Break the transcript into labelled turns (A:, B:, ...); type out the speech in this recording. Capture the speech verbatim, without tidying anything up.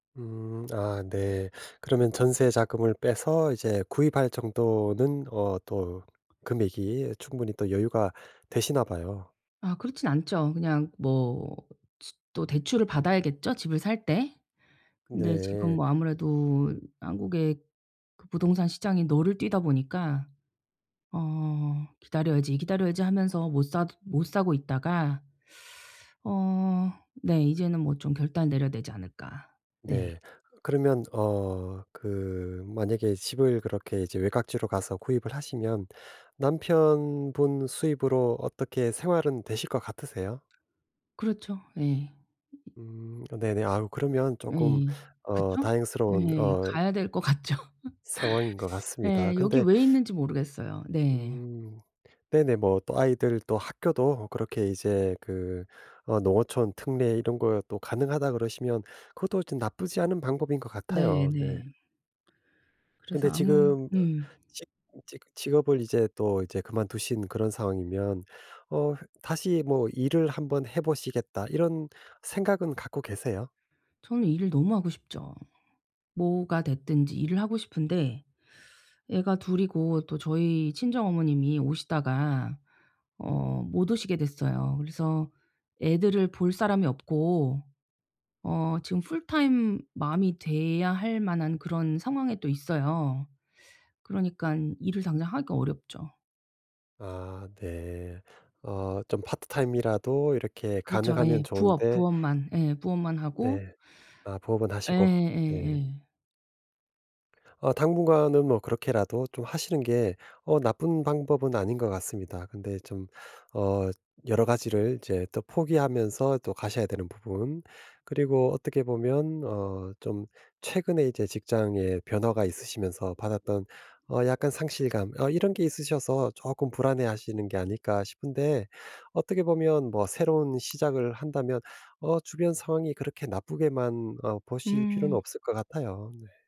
A: 음. 아 네. 그러면 전세 자금을 빼서 이제 구입할 정도는 어 또 금액이 충분히 또 여유가 되시나 봐요.
B: 아 그렇진 않죠. 그냥 뭐 춧 또 대출을 받아야겠죠 집을 살 때. 근데 지금
A: 네.
B: 뭐 아무래도 한국의 그 부동산 시장이 널을 뛰다 보니까 어 '기다려야지, 기다려야지.' 하면서 못 사도 못 사고 있다가 어 네 이제는 뭐 좀 결단을 내려야 되지 않을까. 네.
A: 네. 그러면 어 그 만약에 집을 그렇게 이제 외곽지로 가서 구입을 하시면 남편분 수입으로 어떻게 생활은 되실 것 같으세요?
B: 그렇죠. 예.
A: 음. 네네. 아우 그러면 쪼끔
B: 예. 그쵸?
A: 어 다행스러운
B: 예.
A: 어
B: 가야 될 것 같죠.
A: 상황인 것 같습니다.
B: 예 여기
A: 근데
B: 왜 있는지 모르겠어요. 네.
A: 음. 네네. 뭐 또 아이들 또 학교도 그렇게 이제 그 어 농어촌 특례 이런 거 또 가능하다 그러시면 그것도 하여튼 나쁘지 않은 방법인 것
B: 네.
A: 같아요. 네.
B: 네. 그래서
A: 근데
B: 아무
A: 지금 어
B: 음.
A: 직 인제 그 직업을 이제 또 이제 그만두신 그런 상황이면 어 다시 뭐 일을 한 번 해 보시겠다 이런 생각은 갖고 계세요?
B: 저는 일을 너무 하고 싶죠. 뭐가 됐든지 일을 하고 싶은데 애가 둘 이고 또 저희 친정 어머님이 오시다가 어 못 오시게 됐어요. 그래서 애들을 볼 사람이 없고 어 지금 풀타임 맘이 돼야 할 만한 그런 상황에 또 있어요. 그러니깐 일을 당장 하기가 어렵죠.
A: 아 네. 어 좀 파트타임이라도 이렇게
B: 그렇죠
A: 가능하면
B: 예. 부업
A: 좋은데
B: 부업만 예. 부업만 하고
A: 네. 아 부업은 하시고. 네.
B: 예예예예.
A: 어 당분간은 뭐 그렇게라도 좀 하시는 게 어 나쁜 방법은 아닌 것 같습니다. 근데 좀 어 '여러 가지를 이제 또 포기하면서 또 가셔야 되는 부분 그리고 어떻게 보면 어 좀 최근에 이제 직장에 변화가 있으시면서 받았던 어 약간 상실감 어 이런 게 있으셔서 쪼끔 불안해하시는 게 아닐까?' 싶은데 어떻게 보면 뭐 새로운 시작을 한다면 어 주변 상황이 그렇게 나쁘게만 어 보실 필요는
B: 음.
A: 없을 것 같아요. 네.